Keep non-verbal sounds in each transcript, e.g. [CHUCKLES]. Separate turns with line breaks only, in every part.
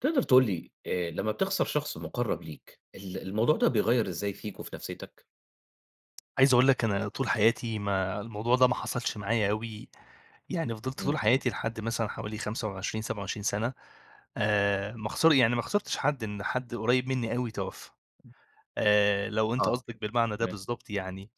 تقدر تقول لي آآ، لما بتخسر شخص مُقرّب ليك ال الموضوع ده بيغيّر إزاي فيك وفي نفسيّتك؟
عايز أقول لك أنا طول حياتي ما الموضوع ده ما حصلش معايا أوي، يعني فضلت طول
إمم.
حياتي لحد مثلًا حوالي 25، 27 سنة آآ، ما خسر يعني ما خسرتش حد إن حد قريب مني أوي توفى. آآ، لو أنت
آه،
قصدك بالمعنى ده
تمام.
بالضبط يعني،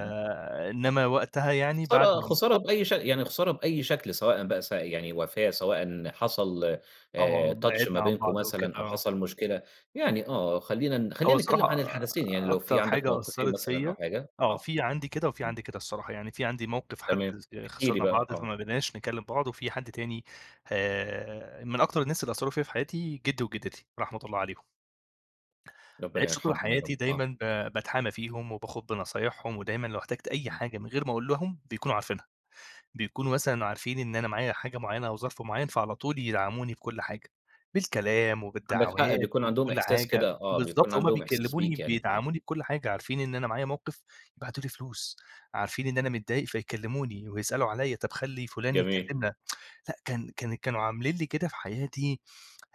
إمم.
وقتها يعني بعد
خسارة
م
خسارة بأي ش يعني خسارة بأي شكل سواءً بقى س يعني وفاة سواءً حصل
آه،
آآ، touch ما
بِعدْنا عن
بينكم
بعض أو كده،
مثلًا أو
آه.
حصل مشكلة يعني، آه، خلّينا ن
هو
خلّينا
الصراحة
نتكلم عن
آآ،
الحدثين، يعني لو في
أكتر
عندك
حاجة
موقفين
أثّرت
مثلًا أو
فيا
حاجة،
آه،
آه،
في عندي كده وفي
آه.
عندي كده الصراحة، يعني في عندي موقف حد
تمام،
س آآ،
احكِ لي
خسرنا
بقى،
بعض
آه.
فما بقيناش نكلم بعض وفي حد تاني آآ، من أكتر الناس اللي أثّروا فيا في حياتي جدّي وجدّتي، رحمة الله عليهم.
ربنا
عِشت طول
يرحمهم يا رب،
حياتي
آه.
دايمًا ب باتحامى فيهم وباخد بنصايحهم، ودايمًا لو احتجت أي
إمم.
حاجة من غير ما أقول لهم بيكونوا عارفينها، بيكونوا مثلًا عارفين إن أنا معايا حاجة معينة أو ظرف معين فعلى طول يدعموني بكل حاجة، بالكلام
عندك حق،
وبالدعوات
بيكون عندهم
وبكل
إحساس كده
حاجة،
آه، بيكون
بالضبط، هُم
عندهم إحساس
بيكلموني
بيك يعني، آه.
بيدعموني بكل حاجة عارفين إن أنا معايا موقف، يبعتوا لي فلوس، عارفين إن أنا متضايق فيكلموني ويسألوا عليا، طب خلّي فُلان
جميل.
يكلّمنا. [TSK] لأ، كان كان كانوا عاملين لي كده في حياتي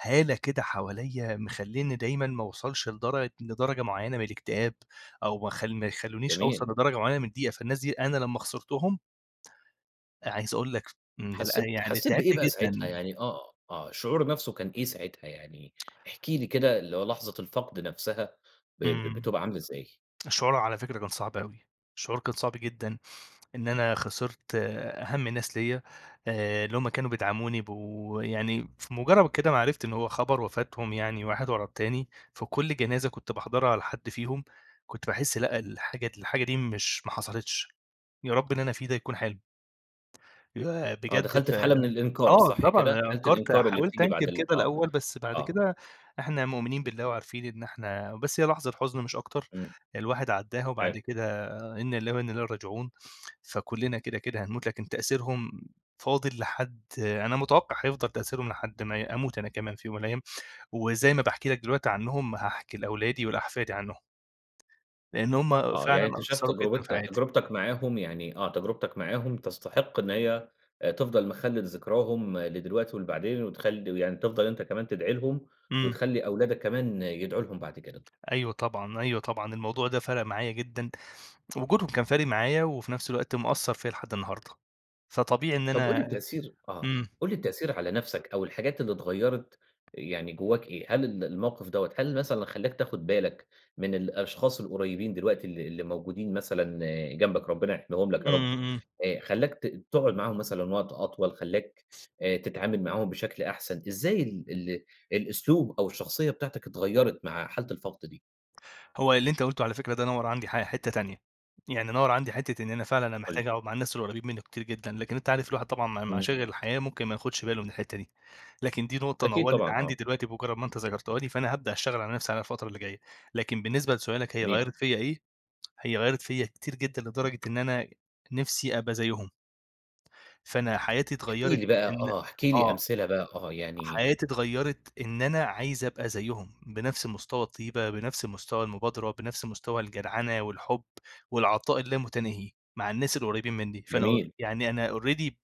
هالة كده حواليّا مخلّينّي دايمًا ما اوصلش لدرجة لدرجة معينة من الاكتئاب أو ما خ ما يخلونيش
جميل،
أوصل لدرجة معينة
إمم.
من الضيقة، فالناس دي أنا لما خسرتهم أ عايز أقول لك إمم، لأ،
حسيت
يعني
حسيت بإيه
تعبت
بقى ساعتها
جدًا.
يعني آه، آه، الشعور نفسه كان إيه ساعتها يعني، احكِ لي كده اللي هو لحظة الفقد نفسها ب ب
إمم،
بتبقى عاملة إزاي؟
الشعور على فكرة كان صعب أوي، الشعور كان صعب جدًا، إن أنا خسرت أهم الناس ليا، آآ، اللي هم كانوا بيدعموني بو يعني في مُجرّد كده ما عرفت إن هو خبر وفاتهم يعني واحد ورا التاني، في كل جنازة كنت باحضرها على حد فيهم، كنت باحس لأ، الحاجة د الحاجة دي مش ما حصلتش، يا رب اللي أنا فيه ده يكون حلم. [UNINTELLIGIBLE]
آه،
بجد
دخلت
ف
في حالة من الإنكار
آه
صح كده؟
طبعًا
حالة
أنكرت،
الإنكار اللي
حاولت
بتيجي بعد
أنكر
ال
كده
آه،
الأول بس بعد
آه.
كده إحنا مؤمنين
امم.
بالله وعارفين إن إحنا بس هي لحظة حزن مش أكتر
إمم.
الواحد عدّاها، وبعد
[UNINTELLIGIBLE]
كده إن لله وإن إليه راجعون، فكلنا كده، كده هنموت لكن تأثيرهم فاضل لحد أنا متوقع هيفضل تأثيرهم لحد ما ي أموت أنا كمان في يوم من الأيام. وزي ما باحكي لك دلوقتي عنهم هاحكي لأولادي ولأحفادي عنهم. لأن هُم
آه، يعني
فعلًا
أنت شايف
أثّروا جدًا في
تجربت
حياتي.
تجربتك معاهم يعني آه، تجربتك معاهم تستحق إن هي آآ، تفضل مخل لذكراهم لدلوقتي ولبعدين، وتخلّي ويعني تفضل أنت كمان تدعي لهم،
إمم.
وتخلّي أولادك كمان يدعوا لهم بعد كده.
أيوه طبعًا، أيوه طبعًا، الموضوع ده فَرَق معايا جدًا، وجودهم كان فارق معايا وفي نفس الوقت مأثّر فيا لحد النهاردة، فطبيعي إن
طب قُل لي
أنا
التأثير آه،
إمم.
قُل لي التأثير على نفسك أو الحاجات اللي اتغيّرت يعني جواك إيه؟ هل ال الموقف دوّة هل مثلًا خلّاك تاخد بالك من الأشخاص القريبين دلوقتي ال اللي موجودين مثلًا جنبك ربنا يحميهم لك
إمم،
يا رب،
إمم.
آآ، خلّاك ت تقعد معاهم مثلًا وقت أطول، خلّاك آآ، تتعامل معاهم بشكل أحسن إزاي ال ال الأسلوب أو الشخصية بتاعتك اتغيّرت مع حالة الفقد دي؟
هو اللي أنت قُلته على فكرة ده، نوَّر عندي ح حِتَّة تانية، يعني نوَّر عندي حِتَّة إن أنا فعلًا، أنا
قُل لي.
محتاج أقعد مع الناس اللي قريِّبين مني كتير جدًا، لكن أنت عارف الواحد طبعًا مع مع
إمم.
مشاغل الحياة ممكن ما ياخدش باله من الحتة دي، لكن دي نقطة
أكيد طبعًا،
نوَّرت
آه.
عندي دلوقتي بمجرد ما أنت ذكرتها لي، فأنا هابدأ أشتغل على نفسي، على الفترة اللي جاية. لكن بالنسبة لسؤالك، هي
جميل.
غيَّرِت فيّا إيه، [TSK] هي غيَّرِت فيّا كتير جدًا، لدرجة إن أنا نِفسي أبقى زيّهم. فأنا حياتي
احكِ
اتغَّيرِت،
لي بقى،
إن
آه، احكِ لي
آه.
أمثلة بقى. آه، يعني
حياتي اتغيَّرِت، إن أنا عايز أبقى زيّهم، بنفس مستوى الطيبة، بنفس مستوى المبادرة، بنفس مستوى الجدعنة والحب والعطاء اللامتناهي، مع الناس القريِّبين منّي، فأنا أ
جميل.
يعني أنا already ب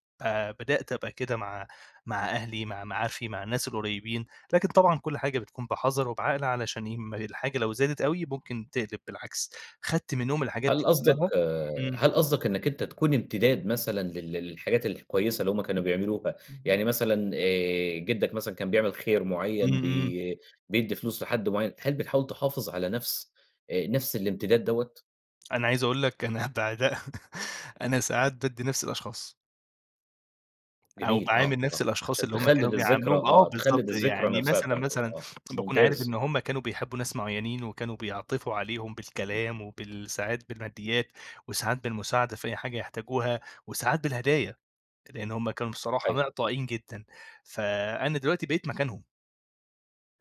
بدأت أبقى كده مع مع أهلي، مع معارفي، مع الناس القريِّبين، لكن طبعًا كل حاجة بتكون بحذر وبعقل، علشان يهم الحاجة لو زادت أوي ممكن تقلِب بالعكس، اخدت منهم الحاجات
هل
دي
قصدك،
كلها امم.
هل قصدك إنك أنت تكون امتداد مثلًا لل للحاجات الكويّسة، اللي هُم كانوا بيعملوها،
اهم.
يعني مثلًا، آآ، جدَّك مثلًا كان بيعمل خير
إمم،
معيَّن،
إمم.
بي بيدّي فلوس لحد معيَّن. هل بتحاول تحافظ على نفس أ نفس الإمتداد دوَّة؟
أنا عايز أقول لك، أنا بعدها [CHUCKLES] أنا ساعات بأدّي نفس الأشخاص أو
جميل، آه،
باعامل نفس
آه،
الأشخاص
عشان
اللي هم كانوا
تخلَِد الذكرى،
بيعاملوهم آه،
آه، تخلِّد
بالضبط،
الذكرى
يعني
نفسها
مثلًا
بتاعته
مثلًا
آه،
باكون عارف
ممتاز.
إن هم كانوا بيحبوا ناس معينين، وكانوا بيعطفوا عليهم
امم.
بالكلام وبال ساعات بالماديات وساعات بالمساعدة في أي حاجة يحتاجوها وساعات بالهدايا، لأن هم كانوا بصراحة
أيوه.
معطائين جدًا، فأنا دلوقتي بقيت مكانهم.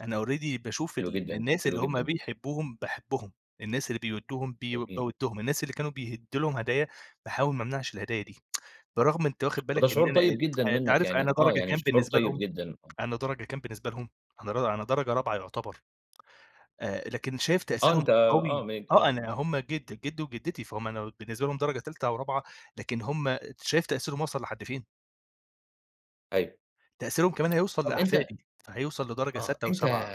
أنا already باشوف
حلو
ال
جدًا،
الناس
حلو
اللي هم
جدًا.
بيحبوهم، باحبهم. الناس اللي بيوِدّوهم، ب
جميل.
باودّهم، الناس اللي كانوا بيدّوا لهم هدايا، باحاول ما أمنعش الهدايا دي. [TSK] برغم أنت واخد
وده
بالك إن
شعور
أنا
طيب جدًا
آآ، [TSK] أنت
منك
عارف
يعني
أنا
آه،
درجة
يعني
كام
شعور
بالنسبة
طيب
لهم،
جدًا، آه.
أنا درجة كام بالنسبة لهم؟ أنا أنا درجة رابعة يُعتبر آآ، لكن شايف
آه،
تأثيرهم
أنت آه،
قوي
م
آه،
آه.
أنا هم جد جدي وجدتي فَهُم أنا بالنسبة لهم درجة تالتة أو رابعة، لكن هم شايف تأثيرهم وصل لحد فين؟
أيوه.
تأثيرهم كمان هيوصل
طب، أنت
لأحفادي، فهيوصل لدرجة
آه،
سادسة أو
أنت
سابعة.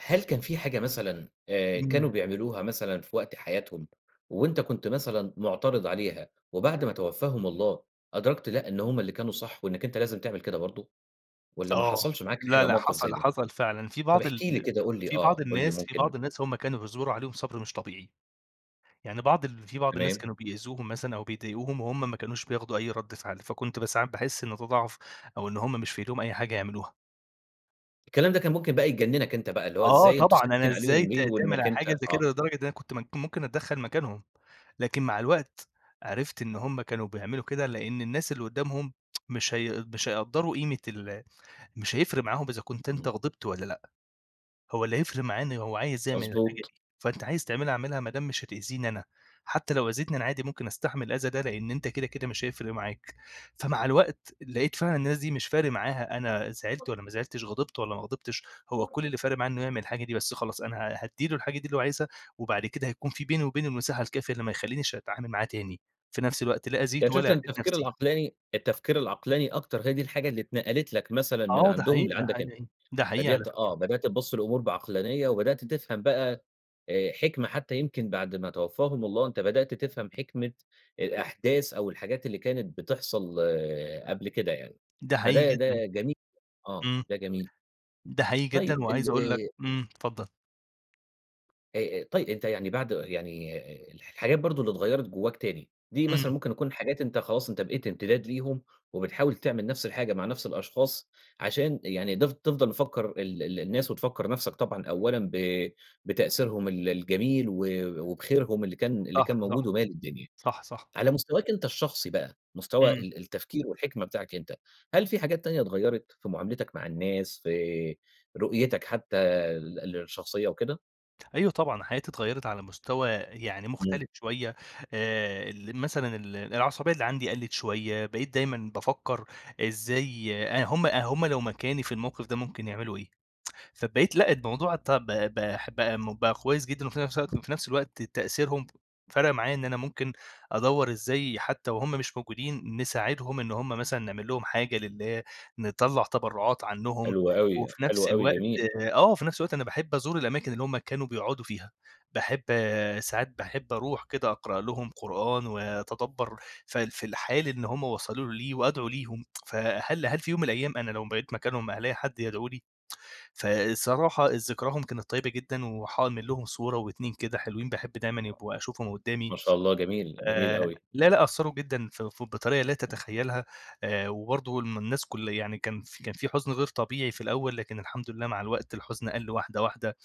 هل كان في حاجة مثلًا آآ، كانوا
امم.
بيعملوها مثلًا في وقت حياتهم وأنت كُنت مثلًا معترض عليها، وبعد ما توفاهم الله أدركت لأ، إن هم اللي كانوا صح وإنك أنت لازم تعمل كده برضو، والّا ما
آه،
حصلش معاك
لأ،
حاجة
لأ،
موقف زي
حصل،
ده؟
حصل فعلًا. في
طب
بعض
احكِ لي
ال
كده، قُل لي
في
آه،
بعض
قُل لي
الناس في
ممكن
بعض الناس هم كانوا بيصبروا عليهم صبر مش طبيعي، يعني بعض ال في بعض الناس
تمام.
كانوا بيئذوهم مثلًا أو بيضايقوهم، وهم ما كانوش بياخدوا أي رد فعل، فكُنت ب ساعات باحس إن ده ضعف، أو إن هم مش في ايديهم أي حاجة يعملوها.
الكلام ده كان ممكن بقى يجننك أنت بقى، اللي هو
آه،
إزاي أنتم
طبعًا أنا
ساكتين
إزاي
عليهم
ت
ليه؟
تعمل
وإنك
على
أنت
حاجة زي
آه.
كده لدرجة أنا كنت من ممكن أتدخّل مكانهم، لكن مع الوقت عرفت إن هُم كانوا بيعملوا كده لإن الناس اللي قدامهم [TSK] مش هي مش هيقدّروا قيمة ال مش هيفرق معاهم إذا كنت أنت
إمم.
غضبت والّا لأ، هو اللي هيفرق معاه إن هو عايز يعمل الحاجة
مضبوط.
دي، فأنت عايز تعملها اعملها ما دام مش هتأذيني أنا، حتى لو أذيتني أنا عادي ممكن أستحمل الأذى ده لإن أنت كده كده مش هيفرق معاك. فمع الوقت لقيت فعلًا الناس دي مش فارق معاها أنا زعلت والّا ما زعلتش، غضبت والّا ما غضبتش، هو كل اللي فارق معاه إنه يعمل الحاجة دي بس، خلاص أنا ه هادّي له الحاجة دي اللي هو عايزها وبعد كده هيكون في بيني وبينه المساحة الكافية اللي ما يخلّينيش أتعامل معاه تاني، في نفس الوقت لا
يعني
أذيته ولا
شُفت إن
أذيت
التفكير
نفسي.
العقلاني التفكير العقلاني أكتر هي دي الحاجة اللي اتنقلت لك مثلًا من
آه، ده
عندهم
حقيقي، ده
لعندك أنت.
حقيقي، ده حقيقي على
بدأت
فكرة.
آه، بدأت تبص للأمور بعقلانية، وبدأت تفهم بقى آآ، حكمة حتى يمكن بعد ما توفاهم الله، أنت بدأت تفهم حكمة الأحداث أو الحاجات اللي كانت بتحصل قبل كده يعني.
ده حقيقي
فده ده
جدًا.
جميل آه،
إمم،
ده جميل.
ده حقيقي
طيب
جدًا
ال
وعايز أقول لك
آآ
إمم، اتفضل.
أأ طيب أنت يعني بعد يعني الحاجات برضو اللي اتغيرت جواك تاني، دي مثلًا
إمم.
ممكن تكون حاجات أنت خلاص أنت بقيت امتداد ليهم وبتحاول تعمل نفس الحاجة مع نفس الأشخاص عشان يعني تف تفضل مفكر ال ال الناس وتفكر نفسك طبعًا أولًا ب بتأثيرهم ال الجميل و وبخيرهم اللي كان اللي كان
صح،
موجود
صح.
ومالي الدنيا.
صح، صح.
على مستواك أنت الشخصي بقى، مستوى
إمم.
ال التفكير والحكمة بتاعك أنت، هل في حاجات تانية اتغيرت في معاملتك مع الناس، في رؤيتك حتى ال الشخصية وكده؟
أيوه، طبعًا. حياتي اتغيرت على مستوى يعني
إمم.
مختلف شوية آآ، ال مثلًا ال العصبية اللي عندي قَلِّت شوية، بقيت دايمًا بافكر إزاي آآ، هم هم لو مكاني في الموقف ده ممكن يعملوا إيه؟ [TSK] فبقيت لأ، الموضوع طب ب ب بقى كويس جدًا، وفي نفس الوقت في نفس الوقت تأثيرهم فرق معايا إن أنا ممكن أدوّر إزاي حتى وهم مش موجودين نساعدهم، إن هم مثلًا نعمل لهم حاجة لله، نطَّلع تبرعات عنهم،
حلو أوي،
وفي
حلو
نفس
أوي،
الوقت
جميل.
آه، وفي نفس الوقت أنا باحب أزور الأماكن اللي هم كانوا بيقعدوا فيها، باحب ساعات باحب أروح كده أقرأ لهم قرآن وأتدبَّر ف في الحال اللي هم وصلوا له لي وأدعو ليهم، [TSK] فهل هل في يوم من الأيام أنا لو بقيت مكانهم هالاقي حد يدعو لي؟ [TSK] فالصراحة ذكراهم كانت طيبة جدًا وحاعمل لهم صورة
امم،
و2 كده حلوين، باحب دايمًا يبقوا أشوفهم قدامي.
ما شاء الله، جميل، جميل
آآ،
أوي.
لأ، لأ، أثروا جدًا في ف بطريقة لا
إمم.
تتخيلها، آآ، وبرضو الم الناس كل يعني كان في كان في حزن غير طبيعي في الأول لكن الحمد لله مع الوقت الحزن قَل واحدة، واحدة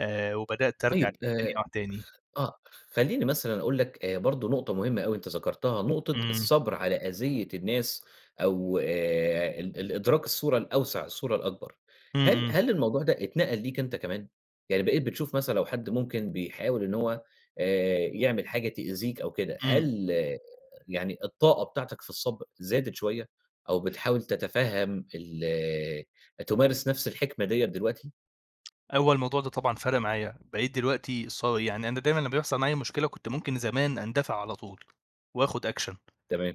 آآ، وبدأت أرجع
طيب،
تاني
آآ،
[UNINTELLIGIBLE] تاني.
خ آه، خليني مثلًا أقول لك آآ، برضو نقطة مهمة أوي أنت ذكرتها، نقطة
إمم.
الصبر على أذيّة الناس أو آآ، ال ال إدراك الصورة الأوسع، الصورة الأكبر.
إمم،
هل
إمم.
هل الموضوع ده اتنقل ليك أنت كمان؟ يعني بقيت بتشوف مثلًا لو حد ممكن بيحاول إن هو آآ، يعمل حاجة تِئذيك أو كده،
إمم.
هل يعني الطاقة بتاعتك في الصبر زادت شوية أو بتحاول تتفهم ال تمارس نفس الحكمة ديّة دلوقتي؟
هو الموضوع ده طبعًا فَرَق معايا، بقيت دلوقتي صا يعني أنا دايمًا لما بيحصل معايا مشكلة، كنت ممكن زمان أندفع على طول، وآخد أكشن.
تمام.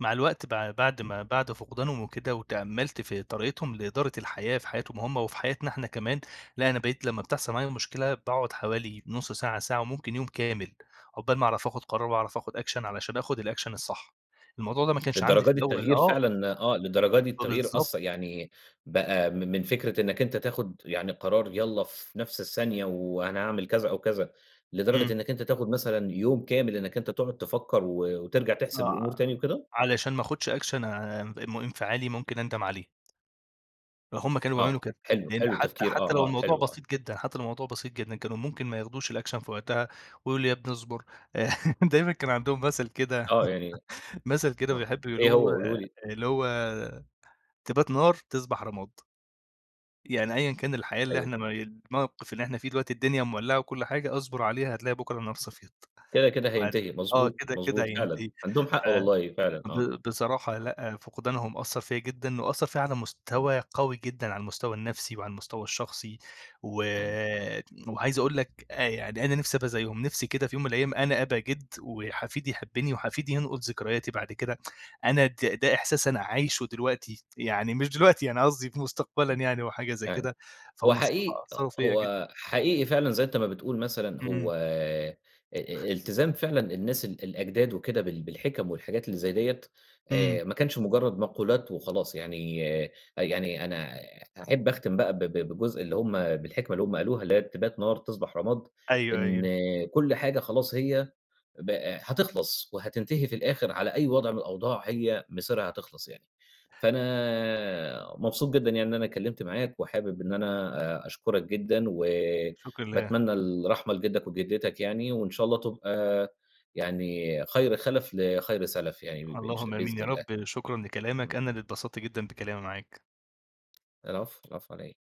مع الوقت بع بعد
امم.
ما بعد فقدانهم وكده، وتأمَّلت في طريقتهم لإدارة الحياة في حياتهم هم وفي حياتنا احنا كمان، لأ أنا بقيت لما بتحصل معايا مشكلة باقعد حوالي نص ساعة، ساعة وممكن يوم كامل، عقبال ما أعرف آخد قرار وأعرف آخد أكشن علشان آخد الأكشن الصح، الموضوع ده ما كانش عندي
للدرجة
في
دي
الأول
التغيير
آه،
فعلًا آه، للدرجة دي التغيير
فبالضبط
أثَّ يعني بقى م من فكرة إنك أنت تاخد يعني قرار يالَّا في نفس الثانية وأنا أعمل كذا أو كذا، لدرجة
إمم.
إنك أنت تاخد مثلًا يوم كامل إنك أنت تقعد تفكّر و وترجع تحسب الأمور
آه،
تاني وكده؟
ع علشان ما اخدش أكشن اع ام انفعالي ممكن أندم عليه. فهُمّ كانوا بيعملوا
آه،
كده،
حلو
يعني أنت
حلو،
حتى
التفكير
حتى لو
آه، آه
الموضوع
حلو، آه.
بسيط جدًا حتى لو الموضوع بسيط جدًا، كانوا ممكن ما ياخدوش الأكشن في وقتها، ويقول لي: :يا ابني اصبر." [LAUGHS] آآ، دايمًا كان عندهم مَثَل كده،
آه، يعني أ
[LAUGHS] مَثَل كده
آه،
بيحبوا
إيه هو
يقولوه
قوله لي؟
اللي هو: "تبات نار، تصبح رماد." يعني أيًا كان الحياة اللي
أيوه.
إحنا مي الموقف اللي إحنا فيه دلوقتي، الدنيا مولّعة وكل حاجة اصبر عليها، هتلاقي بكرة النار صفيت،
كده، كده
عار
هينتهي
آه،
مضبوط،
كده، كده
مضبوط، فعلًا
هينتهي.
عندهم
ف
حق والله فعلًا، آه،
ب بصراحة لأ،
آه.
فقدانهم أثَّر فيَّا جدًا وأثَّر فيَّا على
امم.
مستوى قوي جدًا على المستوى النفسي وعلى المستوى الشخصي،
أيوه.
وت وعايز اقول لك أ يعني أنا نفسي ابقى زيهم، نفسي كده في يوم من الأيام أنا أبقى جِدّ، وحفيدي يحبني وحفيدي ينقل ذكرياتي بعد كده، [TSK] أنا د ده إحساس أنا عايشُه دلوقتي، يعني مش دلوقتي أنا قصدي في مستقبلًا
إمم،
يعني وحاجة زي
تمام
كده،
هو
فهُمّ
حقيق
الصراحة
أ
أثّروا فيَّا جدًا.
هو حقيقي فعلًا زي أنت ما بتقول مثلًا،
إمم.
هو أ التزام فعلًا الناس ال الأجداد وكده بال بالحِكَم والحاجات اللي زي ديَّة،
إمم.
آآ، ما كانش مُجرَّد مقولات وخلاص، يعني أ يعني أنا أحب أختم بقى ب ب بجزء اللي هم بالحكمة اللي هم قالوها، اللي هي بتبات نار تصبح رماد،
أيوه،
إن
أيوه.
كل حاجة خلاص هي بق هتخلص وهتنتهي في الآخر، على أي وضع من الأوضاع هي مسيرها هتخلص يعني. فأنا مبسوط جدًا يعني أنا اتكلمت معاك، وحابب إن أنا أ أشكرك جدًا و
الشكر لله.
وباتمنى الرحمة لجدك وجدتك يعني، وإن شاء الله تبقى يعني خير خَلَف لخير سَلَف يعني، ب ب مش
اللهم
بإذن
آمين يا
الله،
رب، شكرًا لكلامك،
إمم.
أنا اللي اتبسطت جدًا بكلامي معاك.
العفو، العفو، على إيه.